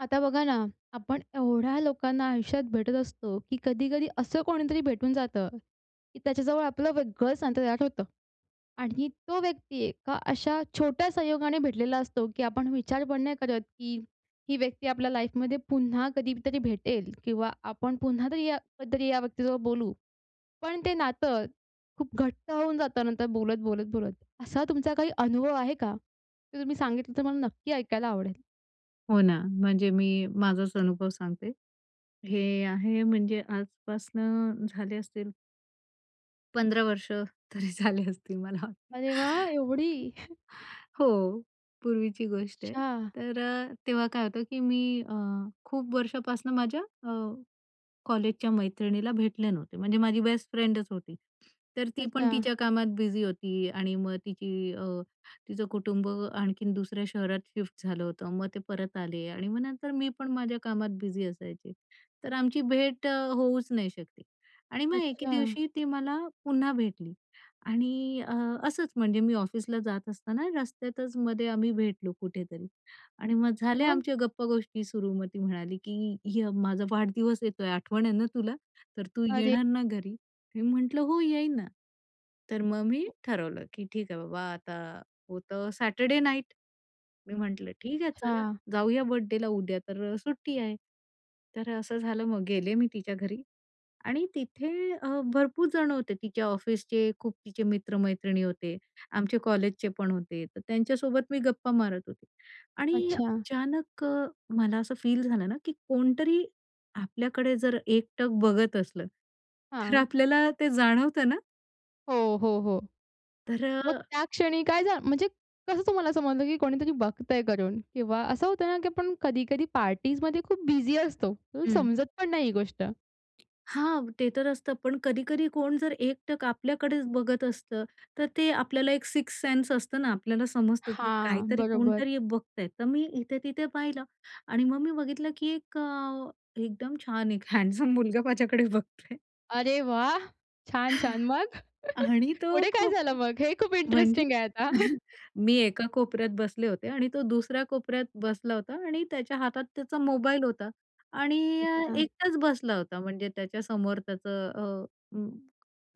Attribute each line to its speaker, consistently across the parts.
Speaker 1: आता बघा ना. आपण एवढ्या लोकांना आयुष्यात भेटत असतो, की कधी-कधी असं कोणीतरी भेटून जातं, की त्याच्याजवळ आपलं वेगळंच [unintelligible] तयार होतं आणि तो व्यक्ती एका अशा छोट्या संयोगाने भेटलेला असतो, की आपण विचार पण नाही करत, की ही व्यक्ती आपल्या लाईफमध्ये पुन्हा कधीतरी भेटेल किंवा आपण पुन्हा तरी या कधीतरी या व्यक्तीसोबत बोलू. पण ते नातं खूप घट्ट होऊन जातं नंतर बोलत, बोलत, बोलत. असा तुमचा काही अनुभव आहे का? जर तुम्ही सांगितलं तर मला नक्की ऐकायला आवडेल.
Speaker 2: हो ना. म्हणजे मी माझाच अनुभव सांगते. हे आहे म्हणजे आजपासनं झाले असतील 15 वर्ष तरी झाले असतील मला.
Speaker 1: अरे वाह! एवढी.
Speaker 2: हो, पूर्वीची गोष्ट आहे.
Speaker 1: अच्छा.
Speaker 2: तर अ, तेव्हा काय होतं, की मी अ, खूप वर्षापासनं माझ्या अ, कॉलेजच्या मैत्रिणीला भेटले नव्हते, म्हणजे माझी बेस्ट फ्रेंडच होती. तर ती पण
Speaker 1: अच्छा.
Speaker 2: तिच्या कामात बिझी होती आणि मग तिची अ, तिचं कुटुंब आणखीन दुसऱ्या शहरात शिफ्ट झालं होतं. मग ते परत आले आणि मग नंतर मी पण माझ्या कामात बिझी असायचे. तर आमची भेट अ, होऊच नाही शकली आणि मग एके
Speaker 1: अच्छा.
Speaker 2: दिवशी ती मला पुन्हा भेटली आणि अ, असंच म्हणजे मी ऑफिसला जात असताना रस्त्यातच मध्ये आम्ही भेटलो कुठेतरी आणि मग झाल्या
Speaker 1: मग?
Speaker 2: आमच्या गप्पा गोष्टी सुरु. मग ती म्हणाली, की "ह्य माझा वाढदिवस येतोय. आठवण आहे ना तुला? तर तू
Speaker 1: अरे!
Speaker 2: येणार ना घरी?" मी म्हंटलं, "हो, येईन ना." तर मग मी ठरवलं, की ठीक आहे बाबा. आता होतं सॅटरडे नाईट. मी म्हटलं, "ठीक आहे, चला.
Speaker 1: अच्छा.
Speaker 2: जाऊया बर्थडेला. उद्या तर अ, सुट्टी आहे." तर असं झालं. मग गेले मी तिच्या घरी आणि तिथे अ, भरपूर जणं होते. तिच्या ऑफिसचे खूप तिचे मित्र-मैत्रिणी होते. आमचे कॉलेजचे पण होते. तर त्यांच्यासोबत मी गप्पा मारत होती आणि
Speaker 1: अच्छा.
Speaker 2: अचानक अ, मला असं फील झालं ना, की कोणतरी आपल्याकडे जर एकटक बघत असलं, तर
Speaker 1: हां.
Speaker 2: आपल्याला ते जाणवतं ना?
Speaker 1: हो, हो, हो.
Speaker 2: तर
Speaker 1: मग
Speaker 2: अ
Speaker 1: त्या क्षणी काय झा म्हणजे कसं तुम्हाला समजलं, की कोणीतरी बघतंय करून किंवा असं होतं ना, की आपण कधी-कधी पार्टीजमध्ये खूप बिझी असतो. आपल्याला
Speaker 2: हं.
Speaker 1: समजत पण नाही ही गोष्ट.
Speaker 2: हां, ते तर असतं. पण कधी-कधी कोण जर एक टक आपल्याकडेचं बघत असतं तर ते आपल्याला एक सिक्सथ सेन्स असतं ना आपल्याला समजतं, की
Speaker 1: हां,
Speaker 2: काहीतरी
Speaker 1: बरोबर.
Speaker 2: कोणतरी बघतंय, तर मी इथे तिथे पाहिलं आणि मग मी बघितलं, की एक अ, एकदम छान एक हँडसम मुलगा माझ्याकडे बघतोय.
Speaker 1: अरे वाह! छान छान मग?
Speaker 2: आणि तो
Speaker 1: पुढे काय
Speaker 2: खूप
Speaker 1: झालं मग? हे खूप
Speaker 2: म्हणजे
Speaker 1: इंटरेस्टिंग आहे आता.
Speaker 2: मी एका कोपऱ्यात बसले होते आणि तो दुसऱ्या कोपऱ्यात बसला होता आणि त्याच्या हातात त्याचा मोबाईल होता आणि अ,
Speaker 1: अच्छा.
Speaker 2: एकटाच बसला होता म्हणजे त्याच्या समोर त्याचं अ,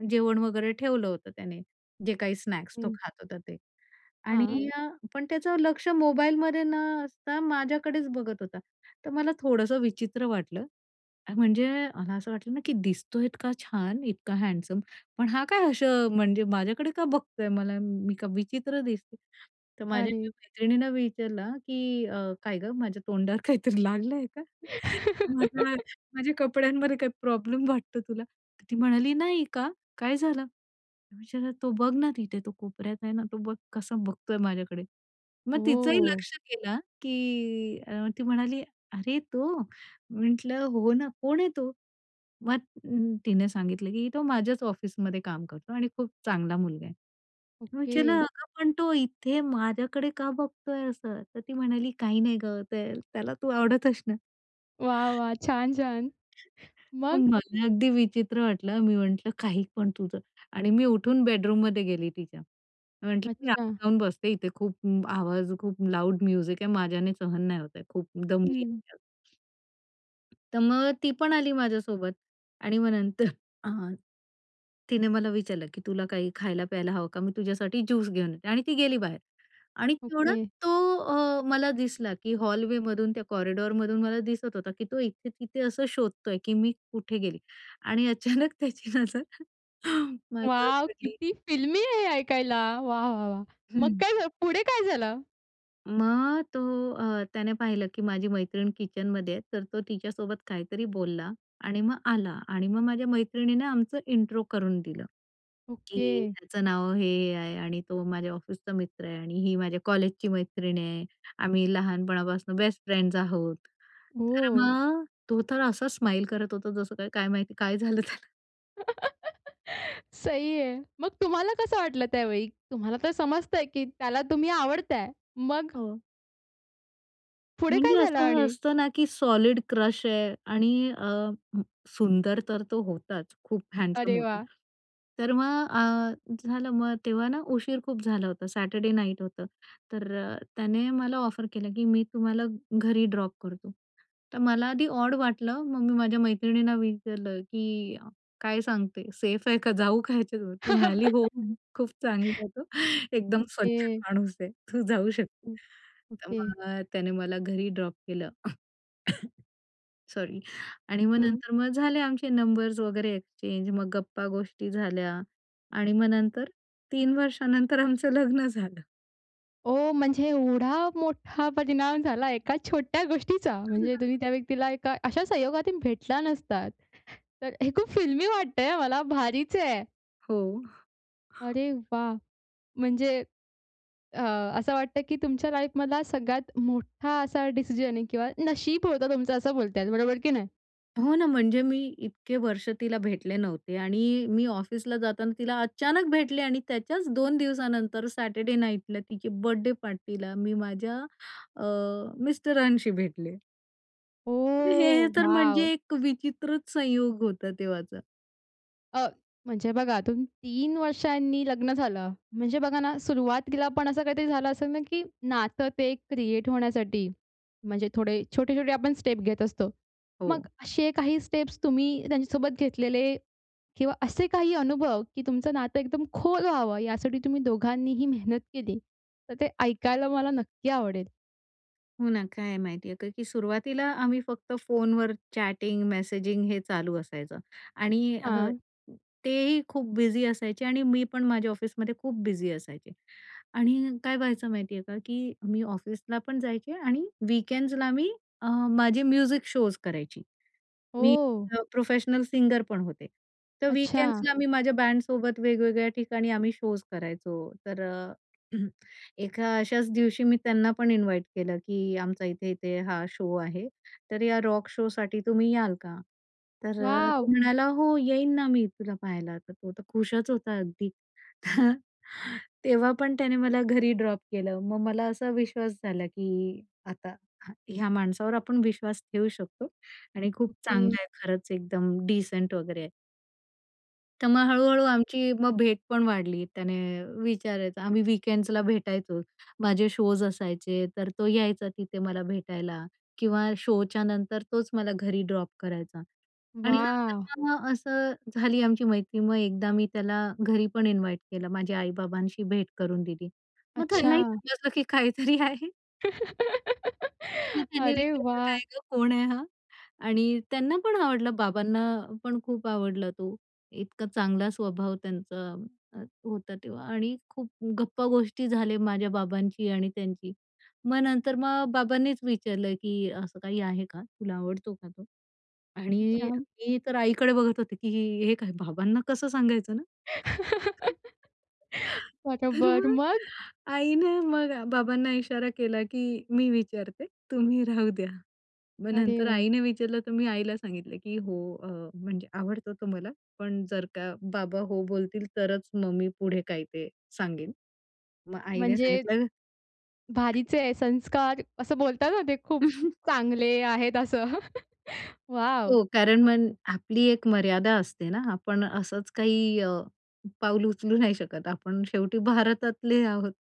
Speaker 2: जेवण वगैरे ठेवलं होतं त्याने, जे काही स्नॅक्स तो
Speaker 1: हं.
Speaker 2: खात होता ते
Speaker 1: हां.
Speaker 2: आणि अ, पण त्याचं लक्ष मोबाईलमध्ये न असता माझ्याकडेच बघत होता. तर मला थोडंसं विचित्र वाटलं; म्हणजे मला असं वाटलं ना, की दिसतोय इतका छान इतका हँडसम, पण हा काय असं म्हणजे माझ्याकडे का बघतोय मला मी का विचित्र दिसते? तर माझ्या
Speaker 1: अरे!
Speaker 2: मैत्रिणीनं विचारला, की अ, काय गं माझ्या तोंडावर काहीतरी लागलं आहे का? माझा माझ्या कपड्यांमध्ये काही प्रॉब्लेम वाटतो तुला? तर ती म्हणाली, "नाही का काय झालं?" विचारला, "तो बघ ना तिथे तो कोपऱ्यात आहे ना तो बघ कसं बघतोय माझ्याकडे." मग तिचंही
Speaker 1: ओह!
Speaker 2: लक्ष गेल, की ती म्हणाली, "अरे तो?" म्हंटलं, "हो ना कोण आहे तो?" मग तिने सांगितलं, "की तो माझ्याच ऑफिसमध्ये काम करतो आणि खूप चांगला मुलगा आहे." मग विचारलं,
Speaker 1: ओके.
Speaker 2: "अगं पण तो इथे माझ्याकडे का बघतोय असं?" तर ती म्हणाली काही नाही गं त्याला तू आवडत असणार."
Speaker 1: वाह! वाह! छान, छान.
Speaker 2: हां,
Speaker 1: मग?
Speaker 2: मला अगदी विचित्र वाटलं, मी म्हंटलं काही पण तुझं आणि मी उठून बेडरूममध्ये गेली तिच्या म्हंटलं मी आत
Speaker 1: अच्छा.
Speaker 2: जाऊन बसते इथे खूप आवाज खूप लाउड म्युझिक आहे माझ्याने सहन नाही होत आहे खूप दमली
Speaker 1: हं.
Speaker 2: आहे. तर मग ती पण आली माझ्यासोबत आणि मग नंतर अ, तिने मला विचारलं, की तुला काही खायला-प्यायला हवं का मी तुझ्यासाठी ज्यूस घेऊन येते आणि ती गेली बाहेर आणि तेवढच
Speaker 1: ओके.
Speaker 2: तो अ, मला दिसला, की हॉलवेमधून त्या कॉरिडॉरमधून मला दिसत होता, की तो इथे-तिथे असं शोधतोय, की मी कुठे गेली? आणि अचानक त्याची नजर माझ्यावर
Speaker 1: वॉव!
Speaker 2: पडली.
Speaker 1: किती फिल्मी आहे हे ऐकायला. वाह! वाह! वाह! मग
Speaker 2: हं.
Speaker 1: काय झालं? पुढे काय झालं?
Speaker 2: मग तो अ, त्याने पाहिलं, की माझी मैत्रीण किचनमध्ये आहे, तर तो तिच्यासोबत काहीतरी बोलला आणि मग आला आणि मग माझ्या मैत्रिणीनं आमचं इंट्रो करून दिलं, की
Speaker 1: ओके.
Speaker 2: ह्याचं नाव हे, हे आहे आणि तो माझ्या ऑफिसचा मित्र आहे आणि ही माझ्या कॉलेजची मैत्रीण आहे, आम्ही लहानपणापासून बेस्ट फ्रेंड्स आहोत. तर
Speaker 1: ओह!
Speaker 2: मग तो तर असा स्माईल करत होता, जसं काय माहिती काय झालं त्याला?
Speaker 1: सही है. मग तुम्हाला कसं वाटलं त्यावेळी? तुम्हाला तर समजतंय, की त्याला तुम्ही आवडताय, मग?
Speaker 2: हो.
Speaker 1: पुढे
Speaker 2: म्हणजे
Speaker 1: काय झालं
Speaker 2: असं
Speaker 1: आणि?
Speaker 2: असतं ना, की सॉलिड क्रश आहे आणि अ, सुंदर तर तो होताच. खूप हँडसम
Speaker 1: अरे
Speaker 2: होता.
Speaker 1: वाह!
Speaker 2: तर मग अ, झालं, मग तेव्हा ना उशीर खूप झाला होतं. सॅटरडे नाईट होतं. तरं त्याने मला ऑफर केलं, की मी तुम्हाला घरी ड्रॉप करतो. तर मला आधी ऑड वाटलं, मग मी माझ्या मैत्रिणींना विचारलं, की "काय सांगते. सेफ आहे का? जाऊ का याच्या सोबत?" ती म्हणाली, "हो खूप चांगलाय तो. एकदम सज्जन
Speaker 1: ओके.
Speaker 2: माणूस आहे. तू जाऊ शकते." तर
Speaker 1: ओके.
Speaker 2: मग त्याने मला घरी ड्रॉप केलं. सॉरी. आणि मग
Speaker 1: हां.
Speaker 2: नंतर मग झाले आमचे नंबर्स वगैरे एक्चेंज. मग गप्पा-गोष्टी झाल्या आणि मग नंतर 3 वर्षानंतर आमचं लग्न झालं.
Speaker 1: ओ! म्हणजे एवढा मोठा परिणाम झाला, एका छोट्या गोष्टीचा. म्हणजे तुम्ही त्या व्यक्तीला एका अशा संयोगातून भेटला नसतात, तर हे खूप फिल्मी वाटतंय आ मला भारीच आहे.
Speaker 2: हो.
Speaker 1: अरे वा! म्हणजे अ, असं वाटतं की तुमच्या लाईफमधला हा सगळ्यात मोठा असा डिसीजन आहे किंवा नशीब होतं तुमचं असं बोलतायत. बरोबर की नाही?
Speaker 2: हो ना, म्हणजे मी इतके वर्ष तिला भेटले नव्हते आणि मी ऑफिसला जाताना तिला अचानक भेटले आणि त्याच्याच 2 दिवसानंतर सॅटरडे नाईटला तिची बर्थडे पार्टीला मी माझ्या अ, मिस्टरांशी भेटले. हे, हे,
Speaker 1: ओ!
Speaker 2: तर
Speaker 1: वॉव!
Speaker 2: म्हणजे एक विचित्रच संयोग होता तेव्हाचा.
Speaker 1: अ, म्हणजे बघा तुम्ही 3 वर्षांनी लग्न झालं. म्हणजे बघा ना सुरुवातीला पण असं काहीतरी झालं असेल ना, की नातं ते क्रिएट होण्यासाठी, म्हणजे थोडे छोटे-छोटे आपण स्टेप घेत असतो.
Speaker 2: हो.
Speaker 1: मग असे काही स्टेप्स तुम्ही त्यांच्यासोबत घेतलेले किंवा असे काही अनुभव, की तुमचं नातं एकदम खोल व्हावं, यासाठी तुम्ही दोघांनीही मेहनत केली? तर ते ऐकायला मला नक्की आवडेल.
Speaker 2: हो ना, काय आहे माहिती आहे का? की सुरुवातीला, आम्ही फक्त, फोनवर चॅटिंग मेसेजिंग हे चालू असायचं आणि ह
Speaker 1: हां.
Speaker 2: तेही खूप बिझी असायचे आणि मी पण, माझ्या ऑफिसमध्ये खूप बिझी असायचे आणि काय व्हायचं, माहिती आहे का, की मी, ऑफिसला पण जायचे आणि वीकेंड्स ला अ, मी माझी म्युझिक शोज करायची. मी
Speaker 1: ओह!
Speaker 2: अ, प्रोफेशनल सिंगर पण होते. तर वीकेंड्स
Speaker 1: अच्छा.
Speaker 2: ला मी माझ्या बँडसोबत, वेगवेगळ्या ठिकाणी आम्ही शोज करायचो. तर अ, एका अशाच दिवशी मी त्यांनापण, इन्वाईट केलं की "आमचा इथे-इथे हा शो आहे, तर या रॉक शो साठी तुम्ही याल का?" तर तो
Speaker 1: वॉव.
Speaker 2: म्हणाला, "हो येईन ना मी तुला पाहायला." तर तो तर खुशच होता अगदी. तेव्हा पण त्याने मला घरी ड्रॉप केलं. मग मला असा विश्वास झाला, की आता, ह ह्या माणसावर आपण विश्वास ठेऊ शकतो आणि खूप
Speaker 1: ओके.
Speaker 2: चांगला आहे, खरंच एकदम डिसेंट वगैरे आहे. तर मग हळू-हळू आमची मग भेटपण वाढली, त्याने विचारायचं. आम्ही वीकेंड्स ला भेटायचो, माझे शोज असायचे, तर तो यायचा तिथे मला भेटायला किंवा शो च्यानंतर, तोच मला घरी ड्रॉप करायचा आणि
Speaker 1: वा!
Speaker 2: नंतर मग असं झाली आमची मैत्री. मग, एकदा मी त्याला घरीपण इन्वाईट केलं, माझ्या आईबाबांशी भेट करून दिली, मग त्यांनाही
Speaker 1: अच्छा.
Speaker 2: समजलं की काहीतरी आहे. मग त्यांनी
Speaker 1: अरे,
Speaker 2: विचारलं,
Speaker 1: वा!
Speaker 2: "काय गं कोण आहे हा?" आणि त्यांना पण आवडला, बाबांना पण खूप आवडला, तो इतका चांगला स्वभाव त्यांचा [unintelligible] होता, तेव्हा आणि खूप गप्पा, गोष्टी झाल्या माझ्या बाबांची आणि त्यांची. मग नंतर मग बाबांनीच विचारलं, की "असं काही आहे का तुला आवडतो का तो?" आणि
Speaker 1: अच्छा.
Speaker 2: मी तर आईकडे बघत होते की हे काय, बाबांना कसं सांगायचं ना? तर
Speaker 1: बरोबर,
Speaker 2: मग,
Speaker 1: मग?
Speaker 2: आईने मग बाबांना इशारा केला, की "मी विचारते, तुम्ही राहू द्या." मग
Speaker 1: अरे,
Speaker 2: नंतर,
Speaker 1: व
Speaker 2: आईने विचारलं तर, मी आईला सांगितलं, की "हो अ, म्हणजे आवडतो तो मला, पण जर का बाबा हो बोलतील, तरच मग मी पुढे काय ते सांगेल." मग आईने
Speaker 1: म्हणजे
Speaker 2: सांगितलं.
Speaker 1: भारीचे आहे संस्कार, असं बोलतात ना, ते खूप चांगले आहेत. असं, वॉव.
Speaker 2: हो, कारण मग आपली एक मर्यादा असते ना, आपण असंच काही अ, पाऊल उचलू नाही शकत. आपण शेवटी भारतातले आहोत.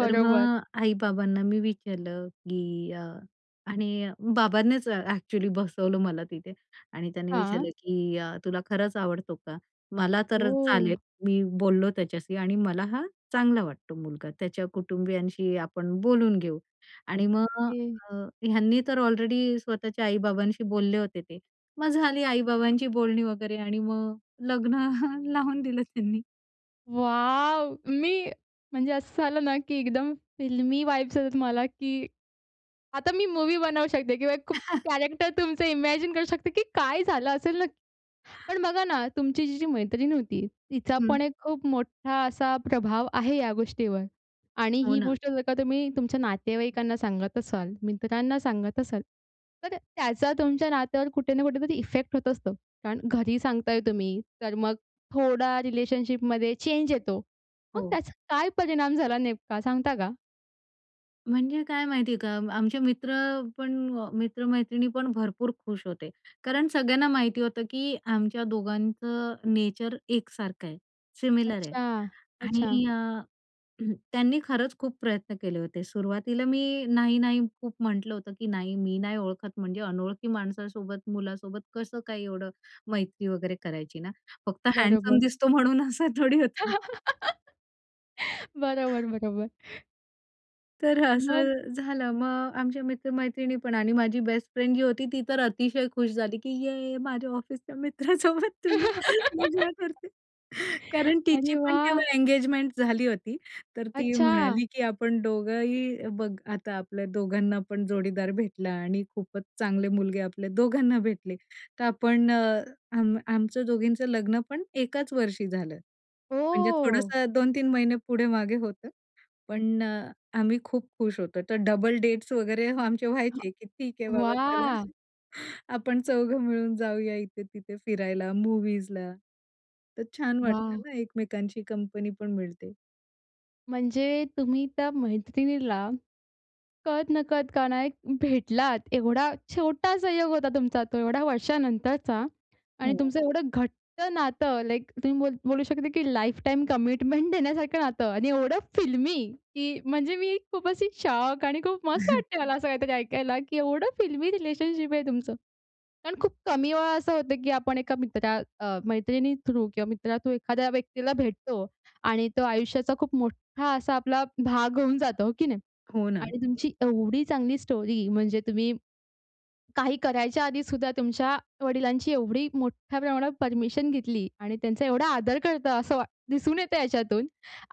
Speaker 2: तर मग आई-बाबांना मी विचारलं, की अ, आणि बाबांनीच, ॲक्चुअली बसवलं मला तिथे आणि त्यांनी
Speaker 1: हां.
Speaker 2: विचारलं, की "अ, तुला खरंच आवडतो का? मला तर
Speaker 1: ओह!
Speaker 2: चालेल, मी बोललो त्याच्याशी आणि मला हा चांगला वाटतो मुलगा. त्याच्या कुटुंबियांशी आपण बोलून घेऊ." आणि मग
Speaker 1: ओके.
Speaker 2: अ, ह्यांनी तर ऑलरेडी स्वतःच्या आई-बाबांशी बोलले होते ते. मग झाली आई-बाबांची बोलणी वगैरे आणि मग लग्न लावून दिलं त्यांनी.
Speaker 1: वॉव! मी म्हणजे असं झालं ना, की एकदम फिल्मी वाईब्स येत आहेत मला, की आता मी मूवी बनवू शकते किंवा एक खूप कॅरेक्टर तुमचं इमॅजिन करू शकते की काय झालं असेल नक पण बघा ना, तुमची जी जी मैत्रीण होती, तिचा
Speaker 2: हं.
Speaker 1: पण एक खूप मोठा असा प्रभाव आहे या गोष्टीवर. आणि
Speaker 2: हो
Speaker 1: ही
Speaker 2: ना.
Speaker 1: गोष्ट जर का तुम्ही तुमच्या नातेवाईकांना सांगत असाल, मित्रांना सांगत असाल, तर त्याचा तुमच्या नात्यावर कुठे ना कुठेतरी इफेक्ट होत असतो. कारण घरी सांगताय तुम्ही, तर मग थोडा रिलेशनशिपमध्ये चेंज येतो. मग
Speaker 2: हो.
Speaker 1: त्याचा काय परिणाम झाला नेमका, सांगता का?
Speaker 2: म्हणजे काय माहिती आहे का, आमचे मित्र पण मित्र-मैत्रिणी पण भरपूर खुश होते. कारण सगळ्यांना माहिती होतं की आमच्या दोघांचं नेचर एकसारखं आहे, सिमिलर आहे.
Speaker 1: अच्छा,
Speaker 2: आणि
Speaker 1: अच्छा.
Speaker 2: अ, त्यांनी खरंच खूप प्रयत्न केले होते. सुरुवातीला मी नाही-नाही खूप म्हटलं होतं, की नाही, मी नाही ओळखत, म्हणजे अनोळखी माणसासोबत, मुलासोबत कसं काही एवढं मैत्री वगैरे करायची ना? फक्त हँडसम
Speaker 1: बरोबर.
Speaker 2: दिसतो म्हणून असं थोडी होतं.
Speaker 1: बरोबर, बरोबर.
Speaker 2: तर
Speaker 1: मग.
Speaker 2: असं झालं. मग आमच्या मित्र-मैत्रिणीपण आणि माझी बेस्ट फ्रेंड जी होती ती तर अतिशय खुश झाली की "ये माझ्या ऑफिसच्या मित्रासोबत तुझं लग्न ठरतय." कारण तिची
Speaker 1: अरे
Speaker 2: पण
Speaker 1: वाह!
Speaker 2: तेव्हा एंगेजमेंट झाली होती. तर ती
Speaker 1: अच्छा!
Speaker 2: म्हणाली की "आपण दोघंही, बघ आता आपल्या दोघांना पण जोडीदार भेटला आणि खूपच चांगले मुलगे आपले दोघांना भेटले तर आपण आम आमचं दोघींचं लग्न पण एकाच वर्षी झालं. म्हणजे
Speaker 1: ओ!
Speaker 2: थोडंसं 2-3 महिने पुढे मागे होतं. पण अ, आम्ही खूप खुश होतो. तर डबल डेट्स वगैरे आमचे
Speaker 1: हां.
Speaker 2: व्हायचे की ठीक आहे बाबा चला
Speaker 1: वाह!
Speaker 2: आपण चौघं मिळून जाऊया इथे-तिथे फिरायला मूवीजला. तर छान वाटतं
Speaker 1: वाह!
Speaker 2: ना एकमेकांची कंपनीपण मिळते.
Speaker 1: म्हणजे तुम्ही त्या मैत्रिणीला कळत-नकळत का नाही भेटलात. एवढा छोटा संयोग होता तुमचा तो एवढ्या वर्षानंतरचा आणि
Speaker 2: हं.
Speaker 1: तुमचं एवढं घट्ट नातं लाइक तुम्ही बोल बोलू शकता की लाईफटाईम कमिटमेंट देण्यासारखं नातं आणि एवढं फिल्मी की म्हणजे मी खूप अशी शॉक आणि खूप मस्त वाटते मला असं काहीतरी ऐकायला की एवढं फिल्मी रिलेशनशिप आहे तुमचं. कारण खूप कमी वेळा असं होतं की आपण एका मित्रा अ, मैत्रिणी थ्रू किंवा मित्रा थ्रू एखाद्या व्यक्तीला भेटतो. आणि तो आयुष्याचा खूप मोठा असा आपला भाग होऊन जातो हो की नाही?
Speaker 2: हो, ना.
Speaker 1: आणि तुमची एवढी चांगली स्टोरी म्हणजे तुम्ही, काही करायच्या आधी सुद्धा तुमच्या वडिलांची एवढी मोठ्या प्रमाणावर परमिशन घेतली आणि त्यांचा एवढा आदर करतो असं वा दिसून येतं याच्यातून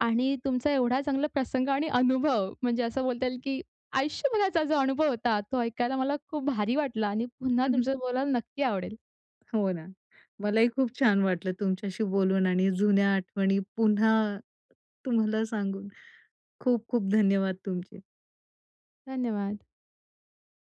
Speaker 1: आणि तुमचा एवढा चांगला प्रसंग आणि अनुभव म्हणजे असं बोलता येईल की आयुष्यभराचा जो अनुभव होता तो ऐकायला मला खूप भारी वाटला आणि पुन्हा तुमच्या बरोबर बोलायला नक्की आवडेल.
Speaker 2: हो ना. मलाही खूप छान वाटलं तुमच्याशी बोलून आणि जुन्या आठवणी पुन्हा तुम्हाला सांगून खूप-खूप धन्यवाद! तुमचे.
Speaker 1: धन्यवाद.